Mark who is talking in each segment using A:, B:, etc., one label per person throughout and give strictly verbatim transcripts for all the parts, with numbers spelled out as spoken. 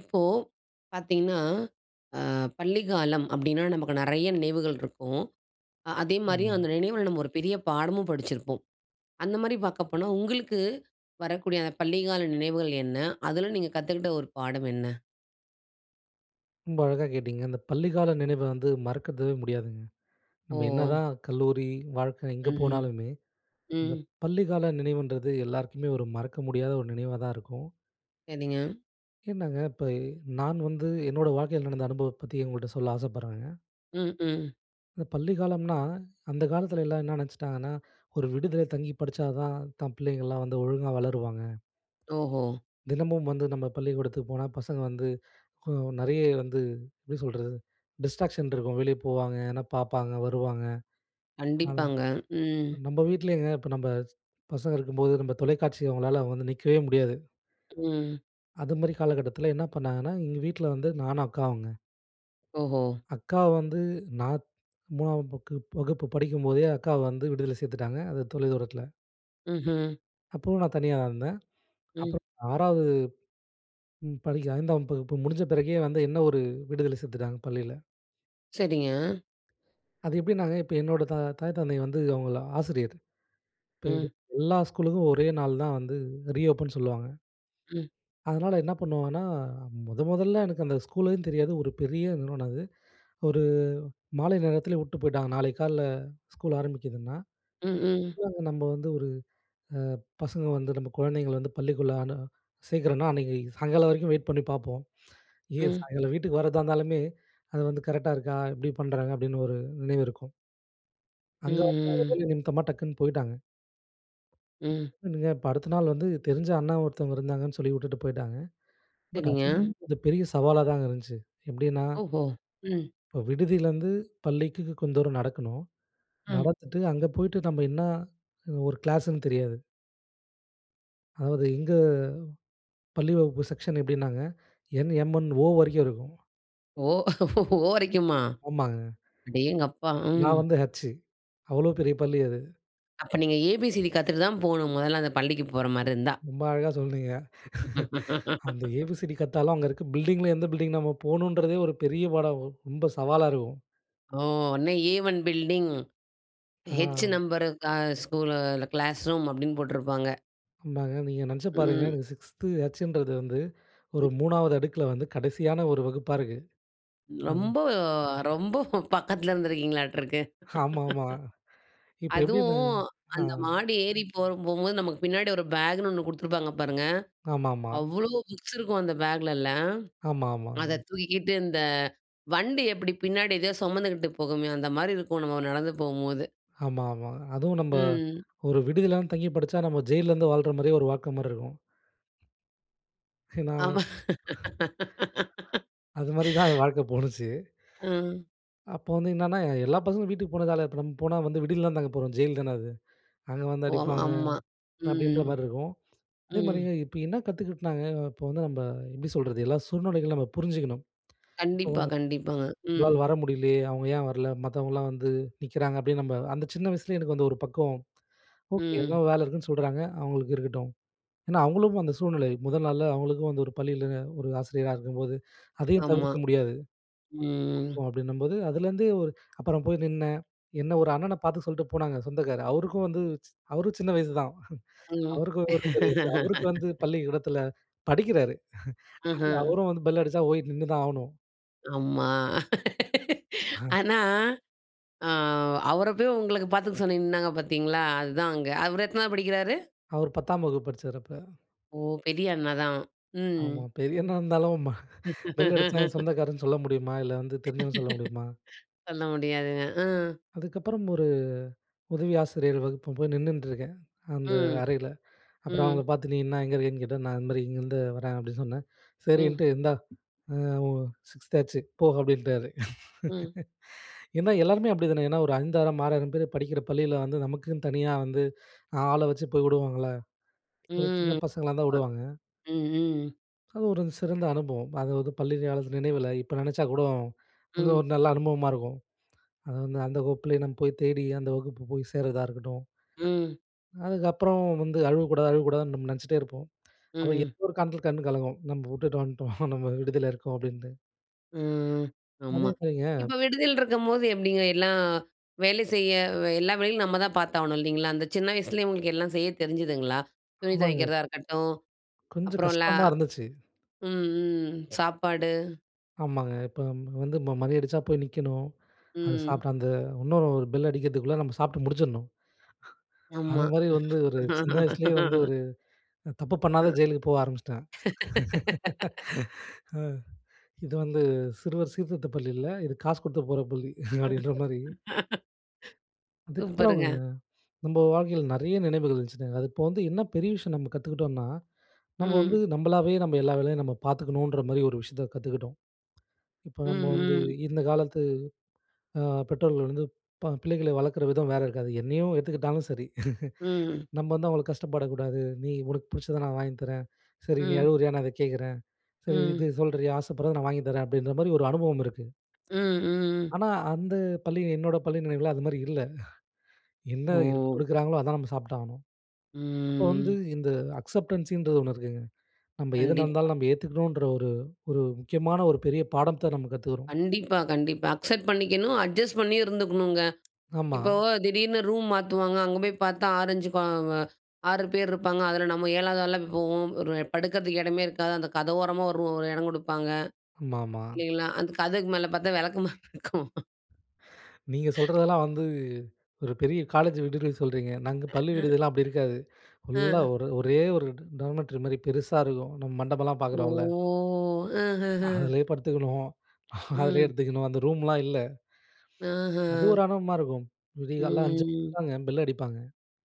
A: இப்போ பார்த்தீங்கன்னா, அ பள்ளிக்காலம் அப்டின்னா நமக்கு நெறைய நினைவுகள் இருக்கும். அ அதே மாரி அந்த
B: ம்.
A: நினைவுல நம்ம ஒரு பெரிய பாடமும் படிச்சிருப்போம். அந்த மாரி பார்க்கப்போனா உங்களுக்கு வரக்கூடிய அந்த பள்ளிக்கால நினைவுகள் என்ன? அதுல நீங்க கத்துக்ட்ட ஒரு பாடம் என்ன?
B: ரொம்ப அழகா கேட்டீங்க. அந்த பள்ளிக்கால நினைவ வந்து மறக்கது முடியாதுங்க. நம்ம
A: ஓ!
B: என்னதான் கல்லூரி வாழ்க்க எங்க
A: ம்ஹ்ம்.
B: போனாலுமே, அந்த
A: ம்.
B: பள்ளிக்கால நினைவுன்றது எல்லாருக்குமே ஒரு மறக்க முடியாத நினைவா தான் இருக்கும்.
A: செரிங்க.
B: என்னங்க இப்பை, நான் வந்து என்னோட வாழ்க்கைல நடந்த அனுபவத்த பத்தி உங்கள்ட்ட சொல்ல ஆசைப்படுறேன்ங்க.
A: ம், ம்.
B: இந்த பள்ளிக்காலம்னா, அந்த காலத்துல எல்லா என்ன நெனச்சிட்டாங்கன்னா? ஒரு விடிதில தங்கிப் படிச்சா தான், தன் பிள்ளைங்கலாம் வந்து ஒழுங்கா வளருவாங்க.
A: ஓஹோ!
B: தினமும் வந்து நம்ம பள்ளிக்கூடத்துக்கு போனா பசங்க வந்து கொ நெறைய வந்து, எப்டி சொல்றது? டிஸ்ட்ராக்ஷன் இருக்கும். வெளிய போவாங்க, எதுனா பாப்பாங்க, வருவாங்க. ஆனா
A: கண்டிப்பாங்க. ம்.
B: நம்ம வீட்லேங்க, இப்ப நம்ம ஸ் பசங்க இருக்கும்போது நம்ம தொலைக்காட்சிய அவங்களால வந்து நிக்கவே முடியாது.
A: ம்.
B: அது மாரி காலகட்டத்துல என்ன பண்ணாங்கன்னா எங்க வீட்ல வந்து நானும் அக்காவுங்க.
A: ஓஹோ!
B: அக்கா வந்து நா மூணாம் பக்கு வகுப்பு படிக்கும்போதே அக்காவ வந்து விடுதில சேர்த்துட்டாங்க. அந்த தொலை தூரத்துல.
A: ம்ஹ்ம்.
B: அப்பவும் நான் தனியா தான் இருந்தேன்.
A: ம்.
B: அப்புறம் ஆறாவதும் படிக்க ஐந்தாம் வகுப்பு முடிஞ்ச பிறகே வந்து என்ன ஒரு விடுதில சேர்த்துட்டாங்க பள்ளியில.
A: சரிங்க.
B: அது எப்படின்னாங்க இப்ப என்னோட தா தாய், தந்தை வந்து அவங்கள் ஆசிரியர். இப்ப
A: ம்.
B: எல்லா ஸ்கூலுக்கும் ஒரே நாள் தான் வந்து ரீ ஓப்பன் சொல்லுவாங்க.
A: ம்.
B: அதுனால என்ன பண்ணுவாங்கன்னா, மொத முதல எனக்கு அந்த ஸ்கூலையும் தெரியாது. ஒரு பெரிய நிறுவனம் அது. ஒரு மாலை நேரத்துலேயே விட்டு போய்ட்டாங்க. நாளைக்கு காலையில் ஸ்கூல் ஆரமிக்குதுன்னா,
A: ம், ம்.
B: நம்ப வந்து ஒரு அ பசங்க வந்து நம்ப குழந்தைங்கள வந்து பள்ளிக்குள்ள அனு சேர்க்குறோம்னா, அன்னைக்கு சாயங்காலம் வரைக்கும் வெயிட் பண்ணி பாப்போம். ஏன்
A: ம்.
B: சாயங்காலம் வீட்டுக்கு வரதா இருந்தாலுமே, அது வந்து கரெக்டா இருக்கா எப்படி பண்ணுறாங்க? அப்டீன்னு ஒரு நினைவு இருக்கும்.
A: ம்,
B: அங்க வந்து
A: ம்.
B: வேலை நிமித்தமா டக்குன்னு போயிட்டாங்க.
A: ம்.
B: இப்ப அடுத்த நாள் வந்து தெரிஞ்ச அண்ணா ஒருத்தவங்க இருந்தாங்கன்னு, சொல்லி விட்டுட்டு போய்ட்டாங்க. பட்
A: சரிங்க.
B: அதுவும் கொஞ்சம் பெரிய சவாலாதாங்க இருந்துச்சு. எப்படின்னா
A: ஓஹோ! ம்.
B: இப்ப விடுதியிலேருந்து பள்ளிக்கு கொஞ்சம் தூரம் நடக்கணும்.
A: ம்.
B: நடத்துட்டு அங்க போய்ட்டு நம்ப என்ன ஒரு கிளாஸ்ன்னு தெரியாது. அதாவது எங்க பள்ளி வகுப்பு செக்ஷன் எப்டின்னாங்க என்.எம்.என். ஓ. வரைக்கும் இருக்கும்.
A: ஓ! ஓ வரைக்குமா.
B: ஆமாங்க.
A: அடேங்கப்பா! ம்.
B: நான் வந்து ஹச். அவ்ளோ பெரிய பள்ளி அது!
A: அப்ப நீங்க ஏபிசிடி கத்துக்கிட்டு தான் போகனும் முதல்ல அந்த பள்ளிக்கு போற மாதிரி இருந்தா.
B: ரொம்ப அழகா சொல்லுறீங்க. அந்த ஏபிசிடி கத்தாலும் அங்கே இருக்ற பில்டிங்ல எந்த பில்டிங் நம்ம போகணுன்கிறதே ஒரு பெரிய பாடா ரொம்ப சவாலா இருக்கும்.
A: ஓ! அன்னே ஏ ஒன் பில்டிங் ஹெச்
B: ஆ.
A: நம்பர் ஸ்கூல் கிளாஸ் ரூம் அப்டின்னு போட்ருப்பாங்க.
B: ஆமாங்க. நீங்க நெனைச்சு பாருங்க.
A: ம்.
B: எனக்கு சிக்ஸ்து ஹச்சுன்றது வந்து, ஒரு
A: ம்.
B: மூணாவது அடுக்ல வந்து கடைசியான ஒரு வகுப்பா இருக்கு. அம்.
A: ரொம்ப ரொம்ப பக்கத்ல இருந்துருக்கீங்களாட்ருக்கு.
B: ஆமாமா. இப்ப எப்படி
A: அதுவும்
B: இருந்ததுங்க? ஆ.
A: அந்த மாடி ஏறி போக போகும்போது நமக்கு பின்னாடி ஒரு பேக்னு ஒண்ணு குடுத்துருப்பாங்க பாருங்க.
B: ஆமாமா.
A: அவ்ளோ புக்ஸ் இருக்கும் அந்த பேக்லலாம்.
B: ஆமாமா.
A: அத தூக்கிக்கிட்டு இந்த வண்டி எப்டி பின்னாடி ஏதோ சொமந்துகிட்டு போகுமே, அந்த மாரி இருக்கும் நம்ம நடந்து போகும்போது.
B: ஆமாமா. அதுவும் நம்ப
A: ம்.
B: ஒரு விடுதியிலாம் தங்கி படிச்சா நம்ம ஜெயில்ல இருந்து வாழ்ற மாதிரியே ஒரு வாக்கம் மாதிரி இருக்கும். ஏன்னா.
A: ஆமா.
B: அது மாதிரி தான் என் வாழ்க்கை போனுச்சு.
A: ம்.
B: அப்ப வந்து என்னன்னா எல்லா பசங்களும் வீட்டுக்கு போன காலத்ல இப்ப நம்ம போனா வந்து விடுதியிலதான் தங்க போறோம் ஜெயில் தானே அது. அங்கே வந்து
A: ஒ!
B: அடிப்பாங்க
A: ஆம்மா.
B: அப்டின்ற
A: ம்,
B: மாதிரி இருக்கும். அதே
A: ம்.
B: மாதிரிங்க இப்ப என்ன கத்துக்க்கிட்டனாங்க இப்ப வந்து நம்ம எப்டி சொல்றது எல்லா சூழ்நிலைகளும் நம்ம புரிஞ்சுக்கணும். இப்ப
A: கண்டிப்பா,
B: வந்து
A: கண்டிப்பாங்க. ம்.
B: உங்களால வர முடியலையே "அவங்க ஏன் வரலை மத்தவங்கலாம் வந்து நிக்கிறாங்க" அப்டின்னு, நம்ம அந்த சின்ன வயசுல எனக்கு வந்து ஒரு பக்கம் ஓகே எதோ
A: ம்.
B: வேலை இருக்குன்னு சொல்தாங்க, அவங்களுக்கு இருக்கட்டும் ஏன்னா அவங்களும் அந்த சூழ்நிலை முதல் நாள்ல அவங்களுக்கும், அந்த ஒரு பள்ளியில ஒரு ஆசிரியரா இருக்கும்போது அதையும்
A: ஆமா,
B: தவிர்க்க முடியாது.
A: ம்.
B: அப்டின்னும்போது அதுலேருந்து ஒரு அப்புறம் போய் நின்னேன். என்னை ஒரு அண்ணனை பார்த்து சொல்லிட்டு போனாங்க. சொந்தக்கார் அவருக்கும் வந்து, அவரும் சின்ன வயசு தான்.
A: ம்.
B: அவருக்கும் ஒன்னும் தெரியாது அவருக்கு வந்து பள்ளிக்கூடத்தில் படிக்கிறாரு.
A: ம்ஹ்ம்.
B: அவரும் வந்து பெல் அடிச்சா போய் நின்னு தான் ஆவணும்.
A: ஆமா.
B: ஹ.
A: ஆனா, ஆ அவர போய் உங்களுக்கு பார்த்துக்க சொன்னி நின்னாங்க பார்த்தீங்களா, அதுதான் அங்க அவரு எத்தனாவது படிக்கிறாரு?
B: அவரு பத்தாம் வகுப்பு படிச்சாரு அப்ப.
A: ஓ! பெரிய அண்ணா தான் ம்.
B: ஆமா. பெரியவனா இருந்தாலும் பெல் அடிச்சா "என் சொந்தக்காருன்னு" சொல்ல முடியுமா? இல்ல வந்து தெரிஞ்சவன் சொல்ல முடியுமா?
A: சொல்ல முடியாதுங்க. ஆ.
B: அதுக்கப்புறம் ஒரு உதவி ஆசிரியர் வகுப்ப போய் நின்னுட்டுருக்கேன். அந்த
A: ம்,
B: அறையில. அப்புறம் அவங்கள
A: ம்.
B: பார்த்து நீ என்ன எங்க இருக்கேன்னு கேட்டேன். "நான் இந் மாரி இங்கேருந்து வர்றேன்" அப்டின்னு சொன்னே.
A: ம்.
B: "சரின்ட்டு இந்தா ஆ ஒ சிக்ஸ்த் ஆச்சு போ" அப்டின்ட்டாரு.
A: ம்.
B: ஏன்னா, எல்லோருமே அப்டி தானே ஏனா ஒரு ஐந்தாயிரம் ஆறாயிரம் பேர் படிக்கிற பள்ளியில வந்து நமக்குன்னு தனியா வந்து ஆள வச்சு போய் வுடுவாங்கல்ல, ஒரு சின்ன
A: ம்,
B: பசங்களாருந்தா
A: அ
B: வுடுவாங்க.
A: ம்ஹ்ம்.
B: அது ஒரு சிறந்த அனுபவம். அதாவது பள்ளி காலத்து நினைவுல இப்ப நெனைச்சா கூடும் வந்து ஒரு
A: ம்.
B: நல்ல அனுபவமா இருக்கும். அது வந்து அந்த வகுப்பிலேயே நம்ம போய் தேடி அந்த வகுப்பு போய் சேர்றதா இருக்கட்டும்.
A: ம்.
B: அதுக்கப்புறம் வந்து "அழுவக்கூடாது, அழுவக்கூடாதுன்னு" நம்ப நெனைச்சிட்டே இருப்போம். அப்புறம்
A: ம்ஹ்ம்.
B: எதோ ஒரு காரணத்துக்காக கண்ணு கலங்கும். "நம்ப வுட்டுட்டு வந்துட்டோம் நம்ம விடுதியில இருக்கோம்" அப்டின்னு.
A: ம்.
B: அதே
A: ஆமா.
B: மாரிங்க
A: இப்ப விடுதியில இருக்கும்போது எப்டிங்க, எல்லாம் வேலை செய்ய எல்லா வேலைகளும் நம்ம தான் பார்த்து ஆகணும் இல்லைங்களா? அந்த சின்ன வயசுலேயே உங்களுக்கு எல்லாம் செய்ய தெரிஞ்சுதுங்களா? துணி
B: ஆமாங்க.
A: துவைக்கிறதா இருக்கட்டும்,
B: கொஞ்சம்
A: அப்புறம் ல
B: கஷ்டமா இருந்துச்சு.
A: ம், ம், சாப்பாடு?
B: ஆமாங்க. இப்போ வந்து ம மணி அடிச்சா போய் நிக்கணும். அது
A: ம்.
B: சாப்பிட்டு அந்த இன்னொரு ஒரு பெல் அடிக்கிறதுக்குள்ள நம்ம சாப்பிட்டு முடிச்சுர்ணும். அது
A: ஆமா.
B: மாதிரி வந்து ஒரு சின்ன வயசுலேயே, வந்து ஒரு தப்பு
A: அ.
B: பண்ணாத ஜெயிலுக்கு போக ஆரம்பிச்சுட்டேன். ஆ, இது வந்து சிறுவர் சீர்திருத்தப் பள்ளி இல்ல. இது காசு கொடுத்து போற பள்ளி. அப்பிடின்றமாரி. இதுக்கப்புறம்
A: சூப்பருங்க.
B: நம்ம வாழ்க்கையில நிறைய நினைவுகள் இருந்துச்சுங்க. அது இப்போ வந்து என்ன பெரிய விஷயம் நம்ம கத்துக்கிட்டோன்னா, நம்ம வந்து
A: ம்.
B: நம்மளாவே நம்ம எல்லா வேலையும் நம்ம பார்த்துக்கணுன் றமாரி, ஒரு விஷயத்த கத்துக்கிட்டோம். இப்ப
A: ம்,
B: நம்ம வந்து
A: ம்.
B: இந்த காலத்து ஆ பெற்றோர்கள் வந்து ப பிள்ளைகளை வளர்க்குற விதம் வேற இருக்காது. என்னையும் எடுத்துக்கிட்டாலும் சரி.
A: ம்.
B: நம்ம வந்து அவங்கள கஷ்டப்படக் கூடாது. "நீ உனக்கு பிடிச்சத நான் வாங்கி தரேன். சரி நீ
A: ம்.
B: அழுவுறியா! நான் அத கேட்கிறேன். சரி இது
A: ம்.
B: சொல்றீயா? ஆசைப்படுறத நான் வாங்கி தரேன்." அப்பிடின்றமாரி ஒரு அனுபவம் இருக்கு.
A: ம், ம்.
B: ஆனா, அந்த பள்ளி என்னோட பள்ளி நினைவுல அது மாரி இல்ல. என்ன இருக்
A: ஓ!
B: கொடுக்குறாங்களோ! அதான் நம்ம சாப்பிட்டு ஆகணும். அப்போ வந்து
A: ம்.
B: இந்த அக்சப்டன்ஸின்றது ஒண்ணு இருக்குங்க. நம்ம எது
A: கண்டிப்பா.
B: நடந்தாலும் நம்ம ஏத்துக்கணுன்ற ஒரு ஒரு முக்கியமான ஒரு பெரிய பாடத்த நம்ம கத்துக்கிறோம்.
A: கண்டிப்பா. கண்டிப்பா. அக்செப்ட் பண்ணிக்கணும். அட்ஜஸ்ட் பண்ணி இருந்துக்கணுங்க.
B: ஆமா.
A: இப்போ திடீர்னு ரூம் மாத்துவாங்க. அங்க போய் பார்த்தா ஆறு, அஞ்சு ப அ ஆறு பேர் இருப்பாங்க. அதுல நம்ம ஏழாவது ஆளா போவோம். ஒரு படுக்கிறதுக்கு இடமே இருக்காது. அந்த கதவோரமா ஒரு ஒரு இடம் கொடுப்பாங்க,
B: ஆமாமா.
A: இல்லேங்களா! அந்த கதவுக்கு மேல பார்த்தா வெளக்கமாரு இருக்கும்.
B: நீங்க சொல்றதெல்லாம் வந்து ஒரு பெரிய காலேஜ் விடுதில சொல்றீங்க. நாங்க
A: அ
B: பள்ளி
A: அ.
B: விடுதிலாம் அப்டி இருக்காது. ஃபுல்லா
A: அ.
B: ஒரு ஒரே ஒரு ட டார்மிட்டரி மாரி பெருசா இருக்கும். நம்ம மண்டபம்லாம்
A: ஓ!
B: பார்க்குறோம்ல.
A: அஹ, அஹ, அஹன்.
B: அதுலயே படுத்துக்கணும், அதுலயே
A: ம்.
B: எடுத்துக்கணும், அந்த ரூம்லாம் இல்ல. அது
A: ஆஹ.
B: ஒரு அனுபவமா இருக்கும். விடிய காலைல அஞ்சு
A: ம்.
B: [unintelligible] பெல் அடிப்பாங்க.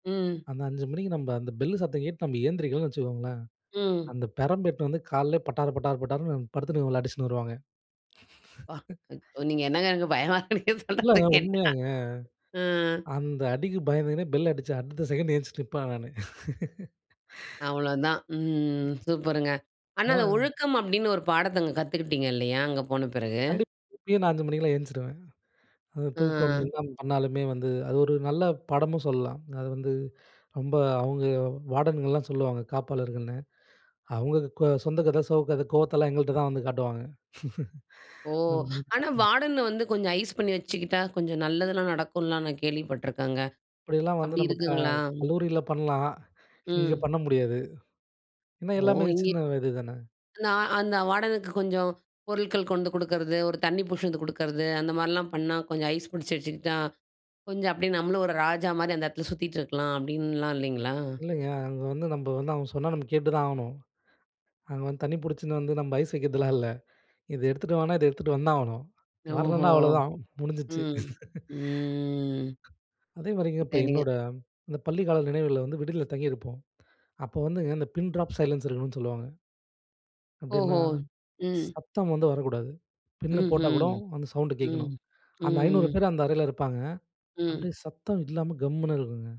A: ம்.
B: அந்த அஞ்சு அஞ்சு மணிக்கு நம்ப அந்த பெல்லு சத்தம் கேட்டு, நம்ம எந்திரிக்கலன்னு வச்சிக்கோங்களேன்.
A: ம்.
B: அந்த பெரம்பு எடுத்துட்டு வந்து கால்லயே பட்டார், பட்டார், பட்டார்ன்னு படுத்துன்னுருக்கவங்கள அடிச்சுன்னு வருவாங்க.
A: ப்பா! ம் நீங்க என்னங்க? எனக்கு பயமாருக்கு, நீங்க சொல்றத
B: இல்லங்க
A: கேட்டா.
B: உண்மையாங்க.
A: ம்.
B: அந்த அடிக்கு பயந்துகுனே பெல் அடிச்ச அடுத்த செகண்ட் எந்திச்சு நிப்பேன் நானு.
A: அவ்வளோதான், ம் சூப்பருங்க! ஆனா அந்த
B: [unintelligible]
A: ஒழுக்கம் அப்டின்னு ஒரு பாடத்த அங்க காத்துக்கிட்டீங்க இல்லையா? அங்க போன பிறகு.
B: கண்டிப் இப்பயும் நான் அஞ்சு மணிக்கெல்லாம் ஏஞ்ச்சுருவேன். அது தூக்கம்
A: அஹ்ம்.
B: என்ன பண்ணாலுமே வந்து அது ஒரு நல்ல பாடமும் சொல்லலாம். அது வந்து, ரொம்ப அவுங்க வார்டன்கள்லாம் சொல்லுவாங்க, காப்பாளர்கள்ன்னு. அவுங்க கொ சொந்த கதை, சோக கதை, கோவத்தலாம் எங்கள்ட்ட தான் வந்து காட்டுவாங்க.
A: ஓ! ஆனா
B: [unintelligible]
A: வார்டன வந்து கொஞ்சம் ஐஸ் பண்ணி வச்சுக்கிட்டா, கொஞ்சம் நல்லதுலாம் நடக்குன்லாம், நான் கேள்வி பட்டுருக்கேங்க.
B: இப்படியெல்லாம் வந்து
A: அப்டி
B: நம்ப க
A: இருக்குங்களா?
B: கல்லூரியில பண்ணலாம். இங்க
A: ம்.
B: பண்ண முடியாது. ஏன்னா
A: ஓ,
B: எல்லாமே
A: இங்
B: சின்ன வயது தானே?
A: நான் அந்த வார்டனுக்கு கொஞ்சம் பொருட்கள் கொண்டு கொடுக்குறது, ஒரு தண்ணி பிடிச்சாந்து குடுக்குறது, அந்த மாரிலாம் பண்ணா, கொஞ்சம் ஐஸ் பிடிச்சி வச்சிக்கிட்டா, கொஞ்சம் அப்டியே நம்மளும் ஒரு ராஜா மாரி அந்த எடத்துல சுத்திட்ருக்கலாம், அப்படின்லாம் இல்லங்களா?
B: இல்லைங்க. அங்க வந்து நம்ப வந்து, அவுங்க சொன்னா நம்ம கேட்டு தான் ஆவணும். அங்க வந்து தண்ணி புடிச்சுன்னு வந்து, நம்ப ஐஸ் வைக்கிறதுலாம் இல்ல, இத எடுத்துட்டு வானா, இத எடுத்துட்டு வந்தாவணும்.
A: ஓஹோ,
B: வரலன்னா, அவ்ளோதான் முடிஞ்சிடுச்சு.
A: ம். ம்.
B: அதே மாரிங்க, இப்போ
A: சரிங்க.
B: என்னோட அந்த பள்ளி கால நினைவுகள்ல வந்து விடுதில தங்கியிருப்போம். அப்போ வந்துங்க இந்த பின் டிராப் சைலன்ஸ் இருக்கணும்னு சொல்லுவாங்க. அப்டின்னா,
A: ஓஹோ, ம்.
B: சத்தம் வந்து வரக்கூடாது. பின்ன போட்டா கூட
A: ம்ஹ்ம்.
B: அந்த சவுண்டு
A: ம்,
B: கேக்கணும்.
A: ம்
B: அந்த ஐநூறு
A: ம்.
B: பேர் அந்த அறைல இருப்பாங்க.
A: ம்.
B: அப்டியே சத்தம் இல்லாம கம்முன்னு இருக்குங்க.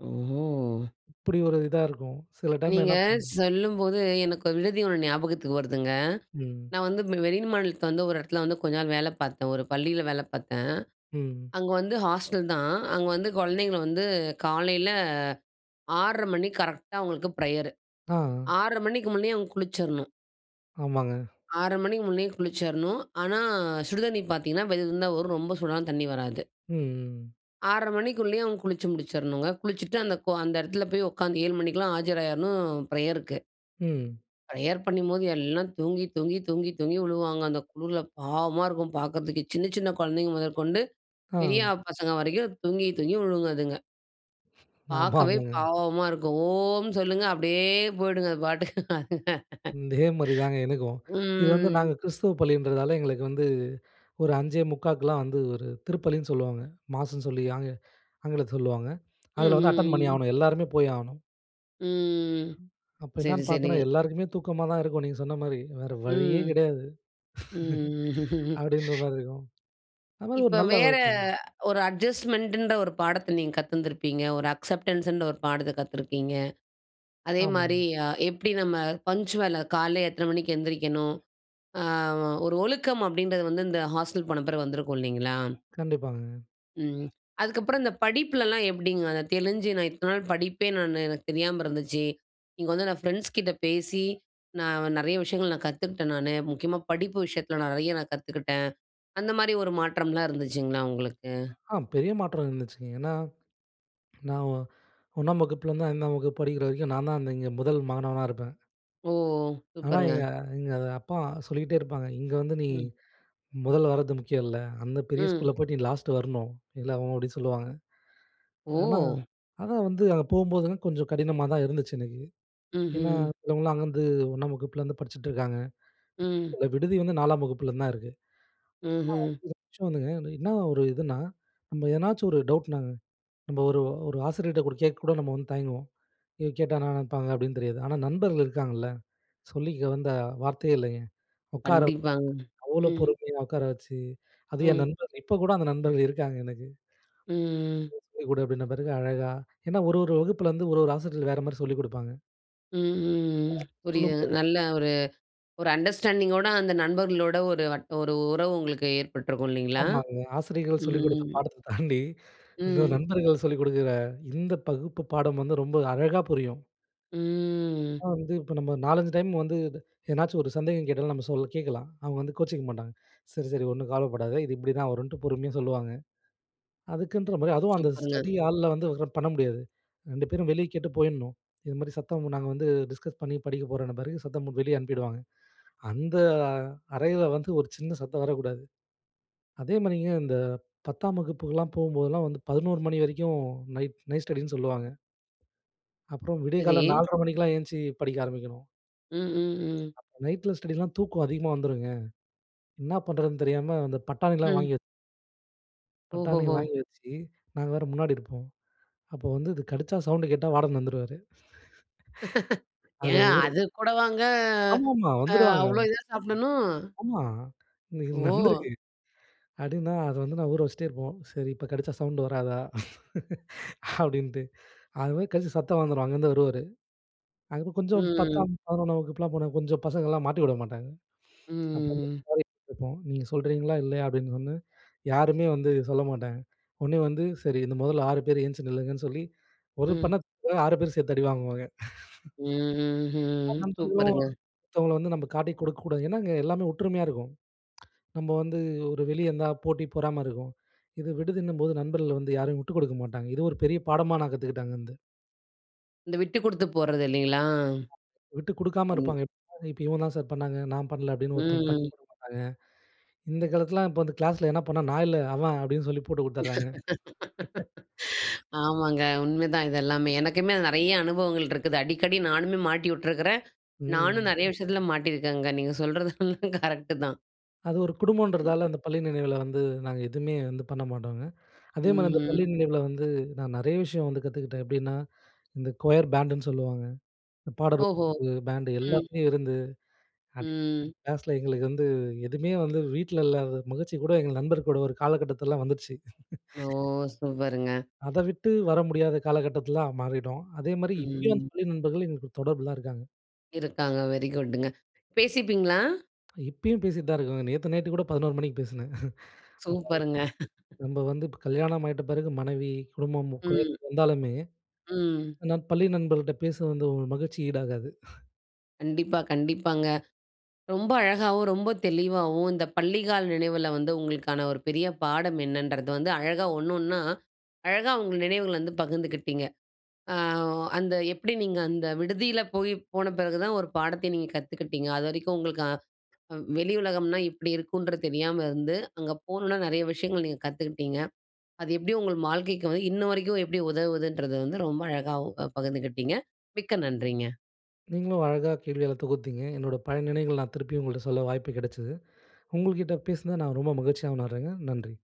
A: ஓ!
B: இப்டி ஒரு இதா இருக்கும். சில டைம்ல
A: நீங்க
B: என்னப்
A: சொல்லும்போது எனக்கு ஒரு விடுதி ஒண்ணு ஞாபகத்துக்கு வருதுங்க.
B: ம்.
A: நான் வந்து வெளி மாநிலத்தில வந்து ஒரு இடத்துல வந்து கொஞ்ச நாள் வேல பார்த்தேன். ஒரு பள்ளியில வேல பார்த்தேன்.
B: ம்.
A: அங்க வந்து ஹாஸ்டல் தான். அங்க வந்து குழந்தைங்கள வந்து, காலையில ஆறரை மணிக்கு கரெக்ட்டா அவங்களுக்கு ப்ரையர்.
B: ஆ.
A: ஆறரை மணிக்கு முன்னேயே அவங்க குளிச்சரனும்.
B: ஆமாங்க.
A: ஆறரை மணிக்கு முன்னேயே குளிச்சிடணும். ஆனா, சுடுதண்ணி பார்த்தீங்கன்னா வெது வெதுன்னு தான் வரும் ரொம்ப சூடான தண்ணி வராது.
B: ம்.
A: ஆறரை மணிக்குள்ளேயே அவங்க குளிச்சு முடிச்சறணுங்க. குளிச்சுட்டு அந்த அந்த இடத்தில போய் உட்காந்து, ஏழு மணிக்கெல்லாம் ஆஜராகிறணும் பிரேயருக்கு.
B: ம்.
A: பிரேயர் பண்ணும்போது எல்லாம் தூங்கி தூங்கி தூங்கி தூங்கி விழுவாங்க, அந்த குளிரில பாவமா இருக்கும் பார்க்கறதுக்கு. சின்ன சின்ன குழந்தைகள் முதற்கொண்டு,
B: ஆ.
A: பெரியாப்பசங்க வரைக்கும் தூங்கி தூங்கி விழுங்க அதுங்க.
B: ஆமா,
A: பார்க்கவே,
B: ஆமாங்க.
A: பாவமா இருக்கும். "ஓம்! சொல்லுங்க" அப்டியே போயுடுங்க அது பாட்டுக்கு அதுங்க.
B: இதே மாதிரி தாங்க எனக்கும்.
A: ம்.
B: இது வந்து
A: ம்.
B: நாங்க கிறிஸ்துவ பள்ளின்றதால எங்களுக்கு வந்து, ஒரு அஞ்சே முக்கா க்கு எல்லாம் வந்து ஒரு திருப்பலின்னு சொலுவாங்க. மாஸ்னு சொல்லி ஆங்கி ஆங்கிலத்தில சொலுவாங்க. அதில வந்து அட்டெண்ட் பண்ணி
A: ம்ஹ்ம்.
B: ஆகணும் எல்லோருமே போயாகணும்.
A: ம்.
B: அப்போ
A: சரி,
B: என்னான்னு பார்த்தேன்னா,
A: சரிங்க.
B: எல்லாருக்குமே தூக்கமா தான் இருக்கும். நீங்க சொன்ன மாரி. வேற வழியே
A: ம்.
B: கிடையாது.
A: ம்ஹ்ம்
B: அப்டின்ற மாரி இருக்கும். அந்த மாரி ஒரு
A: இப்ப
B: நல்ல
A: வேற
B: வழக்கம்.
A: ஒரு அட்ஜஸ்ட்மெண்ட ன்ற ஒரு பாடத்த நீங்க கத்திந்திருபீங்க. ஒரு அக்செப்டன்ஸ் ன்ற ஒரு பாடத்த கத்திருக்கீங்க. அதேமாரி,
B: ஆமாங்.
A: எப்டி நம்ம பங்க்சுவல் காலையில எத்தனை மணிக்கு எந்திரிக்கணும் அ ஒரு ஒழுக்கம் அப்டின்றது வந்து இந்த ஹாஸ்டல் போன பிறகு வந்திருக்கும் இல்லைங்களா,
B: கண்டிப்பாங்க.
A: ம். அதுக்கப்புறம் இந்த படிப்புலலாம் எப்பிடிங்க, அத தெளிஞ்சு நான் இத்தன நாள் படிப்பே நானு எனக்கு தெரியாம இருந்துச்சு. இங்க வந்து நான் ஃப்ரெண்ட்ஸ்கிட்ட பேசி, நான் நிறைய விஷயங்கள் நான் கத்துக்கிட்டேன் நானு. முக்கியமா படிப்பு விஷயத்தில நிறைய நான் கத்துக்கிட்டேன். அந்த மாரி ஒரு மாற்றம்லாம் இருந்துச்சுங்களா உங்களுக்கு?
B: ஆ பெரிய மாற்றம் இருந்துச்சுங்க. ஏன்னா, நான் ஒ ஒண்ணாம் வகுப்புல இருந்து ஐந்தாம் வகுப்பு படிக்கிற வரைக்கும் நான் தான் இங்க முதல் மாணவனா இருப்பேன்.
A: ஓ!
B: ஆனா,
A: சூப்பருங்க!
B: எங்க எங்க அத அப்பா சொல்லிகிட்டே இருப்பாங்க. "இங்க வந்து நீ
A: ம்.
B: முதல்ல வரது முக்கியம் இல்ல. அந்த பெரிய ஸ்கூல்ல
A: ம்.
B: போயிட்டு நீ லாஸ்ட்டு வரணும்." இல்ல அவுங்க அப்பிடி சொல்லுவாங்க. ஆனா
A: ஓ!
B: அதான் வந்து அங்க போகும்போதுலாம் கொஞ்சம் கடினமா தான் இருந்துச்சு எனக்கு. ஏன்னா,
A: ம்ஹ்ம்.
B: சிலவங்கலாம் அங்கருந்து ஒண்ணாம் வகுப்புலேருந்து படிச்சிட்டு இருக்காங்க.
A: ம்.
B: இந்த விடுதி வந்து நாலாம் வகுப்பில இருந்து தான் இருக்கு.
A: ம்ஹ்ம்.
B: வர்ச்சுவல்ன்னா வந்துங்க. என்ன ஒரு இதுனா, நம்ம எதனாச்சும் ஒரு டவுட்னாங்க நம்ம ஒரு ஒரு ஆசிரியர்கிட்ட கேட்க கூட நம்ம வந்து தயங்குவோம். எதுவும் கேட்டா என்னா நினைப்பாங்க? அப்பிடின்னு தெரியாது. ஆனா, நண்பர்கள் இருக்காங்கல்ல, சொல்லிக்க வந்த வார்த்தையே இல்லேங்க. உக்கார வச்சு
A: கண்டிப்பாங்க.
B: அவ்ளோ
A: ம்.
B: பொறுமையா உட்கார வச்சு அது என்
A: ம்.
B: நண்பர். இப்போ கூட அந்த நண்பர்கள் இருக்காங்க எனக்கு.
A: ம்
B: சொல்லி கொடு அப்பிடின பிறகு அழகா ஏன்னா, ஒரு ஒரு வகுப்பில வந்து ஒரு ஒரு ஆசிரியர்கள் வேறமாரி சொல்லிக்கொடுப்பாங்க.
A: ம், ம், ம். புரியுது.
B: சொல்லுங்கோ.
A: நல்லா ஒரு ஒரு அண்டர்ஸ்டாண்டிங்கோட அந்த நண்பர்களோட ஒரு வட் ஒரு உறவு உங்களுக்கு ஏற்பட்டுருக்கும், இல்லைங்களா?
B: ஆமாங்க. ஆசிரியர்கள் சொல்லிக் குடுத்த
A: ம்.
B: பாடத்த தாண்டி. இந்த
A: ம்.
B: நண்பர்கள் சொல்லிக் கொடுக்குற இந்த பகுப்பு பாடம் வந்து ரொம்ப அழகா புரியும்.
A: ம்.
B: ஆனா வந்து இப்ப நம்ம நாலஞ்சு டைம் வந்து என்னாச்சும் ஒரு சந்தேகம் கேட்டாலும். நம்ம சொல் கேட்கலாம். அவங்க வந்து கோச்சிக்க மாட்டாங்க. சரி, சரி ஒண்ணும் கவலப்படாத. இது இப்படிதான் வரும்ன்ட்டு பொறுமையா சொல்லுவாங்க. அதுக்குனு ஒரு மாரி அதுவும் அந்த
A: சூப்பர்ங்க!
B: ஸ்டடி ஹால்ல வந்து ஒக்காந்து பண்ண முடியாது. ரெண்டு பேரும் வெளியே கேட்டு போயிரணும். இது மாரி சத்தம் நாங்க வந்து டிஸ்கஸ் பண்ணி படிக்க போறோம்னு மாரி சத்தம் வெளிய அனுப்பிவிடுவாங்க. அந்த அறையில வந்து ஒரு சின்ன சத்தம் வரக்கூடாது. அதே மாரிங்க, இந்த பத்தாம் வகுப்புக்குல்லாம் போம்போதெல்லாம் வந்து பதினோரு மணி வரைக்கும் நைட் நைட் ஸ்டடின்னு சொல்லுவாங்க. அப்புறம் விடியகாலை
A: சரி.
B: நால்ரை மணிக்கெல்லாம் எந்திச்சி படிக்க ஆரபிக்கணும்.
A: ம், ம், ம்.
B: நைட்டில ஸ்டடில்லாம் தூக்கம் அதிகமா வந்துரும்ங்க. என்னா பண்றதுன்னு தெரியாம, அந்த பட்டாணில்லாம்
A: ம்.
B: வாங்கி வ பட்டாணி
A: ஓஹோஹோ!
B: வாங்கி வச்சு நாங்க வேற முன்னாடி இருப்போம். அப்ப வந்து, இது கடிச்சா சவுண்டு கேட்டா வார்டன் வந்துருவாரு. அத
A: ஏங்க
B: ஒரு
A: அதுக்கூடவாங்க
B: ஆமாமா,
A: அ
B: வந்துருவாங்க.
A: அவ்வளோ இதா சாப்பிடணும்?
B: ஆமா. இன்னைக்கு
A: ஓ!
B: நடந்திருக்கு. அப்படின்னா, அத வந்து நான் ஊற வச்சிட்டே இருப்போம். "சரி இப்ப கடீச்சா சவுண்ட் வராதா?" அப்படின்ட்டு. அது மாரி கடிச்சு சத்தம் வந்துரும். அங்கிருந்து வருவாரு. அதுக்கப்புறம்
A: ம்,
B: கொஞ்சம்
A: ம்.
B: பத்தாம், பதினொன்னாம் வகுப்புல்லாம் போனா, கொஞ்சம் பசங்கள்லாம் மாட்டிவுட மாட்டாங்க.
A: ம்,
B: அப்ப
A: ம், ம்.
B: [unintelligible] இருக்கும் "நீங்க சொல்றீங்களா, இல்லையா?" அப்படின்னோன. யாருமே வந்து சொல்ல மாட்டாங்க. உடனே வந்து, சரி! இந்த முதல்ல ஆறு பேரு எந்திச்சி நில்லுங்கன்னு சொல்லி, ஒரு
A: ம்.
B: பண்ணா புக்கு ஆறு பேரு சேர்த்து அடி வாங்குவாங்க.
A: ம்ஹ்ஹ்ம்.
B: நண்பர்களும்,
A: சூப்பருங்க!
B: ஒருத்தவங்கள வந்து நம்ப காட்டிக் குடுக்கக்கூடாது ஏனா அங்க எல்லாமே ஒற்றுமையா இருக்கோம். நம்ப வந்து ஒரு வெளிய இருந்தா போட்டி, பொறாமை இருக்கும். இது விடுதின்னும்போது, நண்பர்கள் வந்து யாரையும் உட்டு குடுக்க மாட்டாங்க. இது ஒரு பெரிய பாடமா நான் கத்துக்கிட்டேன், அங்க இருந்து.
A: இந்த விட்டு கொடுத்து போறது இல்லங்களா?
B: விட்டு கொடுக்காம
A: கண்
B: இருப்பாங்க. [unintelligible] இவன் தான் சார் பண்ணாங்க, நான் பண்ணல. அப்பிடின்னு
A: ம்.
B: [unintelligible] இந்த காலத்துலாம் இப்ப வந்து கிளாஸ்ல எதான பண்ணா, "நான் இல்ல, அவன்" அப்பிடின்னு சொல்லி போட்டு கொடுத்துடுறாங்க.
A: ஆமாங்க, உண்மதான் இது எல்லாமே. எனக்குமே நிறைய அனுபவங்கள் இருக்குது. அடிக்கடி நானுமே மாட்டி விட்டுருக்கிறேன். நானும்
B: ம்.
A: நிறைய விஷயத்துல மாட்டியிருக்கேங்க. நீங்க சொல்றது எல்லாம் கரெக்ட்டு தான்.
B: அது ஒரு குடும்பம்ன்றதால, அந்த பள்ளி நினைவில வந்து நாங்க எதுவுமே வந்து பண்ண மாட்டோங்க. அதேமாதிரி அந்த பள்ளி
A: ம்.
B: நினைவில வந்து, நான் நிறைய விஷயம் வந்து கத்துக்கிட்டேன். எப்படின்னா, இந்த க்வையர் பேண்ட்டுன்னு சொல்லுவாங்க. இந்த பாடல்
A: ஓஹோ!
B: வு பேண்ட்டு
A: ம்.
B: எல்லாத்துலயும் இருந்து அடி
A: ம்.
B: கிளாஸ்ல எங்களுக்கு வந்து எதுமே வந்து வீட்ல இல்லாத மகிழ்ச்சிகூட, எங்க நண்பர்கூட ஒரு காலகட்டத்துலலாம் வந்துடுச்சு.
A: ஓ, சூப்பருங்க!
B: அத விட்டு வர முடியாத காலகட்டத்துலலாம் மாறிடும். அதேமாரி இப்பயும் அந்த
A: ம்.
B: பள்ளி நண்பர்கள் எங்கிட்ட தொடர்புலலாம் இருக்காங்க.
A: இருக்காங்க, வெரி குட்டுங்க. பேசிப்பீங்களா?
B: இப்பயும் பேசிட்டுதான் இருக்காங்க, நேத்து நைட்டுக்கூட பதினோரு மணிக்கு பேசினேன்.
A: சூப்பருங்க!
B: [unintelligible] நம்ம வந்து கல்யாணம் ஆயிட்ட பிறகு மனைவி, குடும்பம்,
A: ம்.
B: குழந்தை வந்தாலுமே
A: ம்.
B: ஆனா பள்ளி நண்பருக்கிட்ட பேசுறது வந்து ஒரு மகிழ்ச்சி ஈடாகாது.
A: கண்டிப்பா, கண்டிப்பாங்க. ரொம்ப அழகாவும், ரொம்ப தெளிவாவும், இந்த பள்ளி கால நினைவுல வந்து உங்களுக்கான ஒரு பெரிய பாடம் என்னன்றது வந்து அழகா ஒண்ணு, ஒண்ணா அழகா உங்க நினைவுகள வந்து பகிர்ந்துக்கிட்டீங்க. அ அந்த எப்பிடி நீங்க அந்த விடுதியில போய் போன பிறகு தான் ஒரு பாடத்த நீங்க கத்துக்கிட்டீங்க. அது வரைக்கும் உங்களுக்கு அ வெளி உலகம்னா இப்பிடி இருக்குன்ற தெரியாம இருந்து, அங்க போனவுன நிறைய விஷயங்கள் நீங்க கத்துக்கிட்டீங்க. அது எப்பிடி உங்க வாழ்க்கைக்கு வந்து, இன்னவரைக்கும் எப்பிடி உதவுதுன்றது வந்து ரொம்ப அழகாவும் அ பகிர்ந்துக்கிட்டீங்க. மிக்க நன்றிங்க.
B: நீங்களும் அழகா கேள்விகள தொகுத்தீங்க. என்னோட பழைய நினைவுகள நான் திருப்பியும் உங்கள்ட்ட சொல்ல வாய்ப்பு கிடைச்சது. உங்ககிட்ட பேசினத நான் ரொம்ப மகிழ்ச்சியா உணர்றேங்க. நன்றி.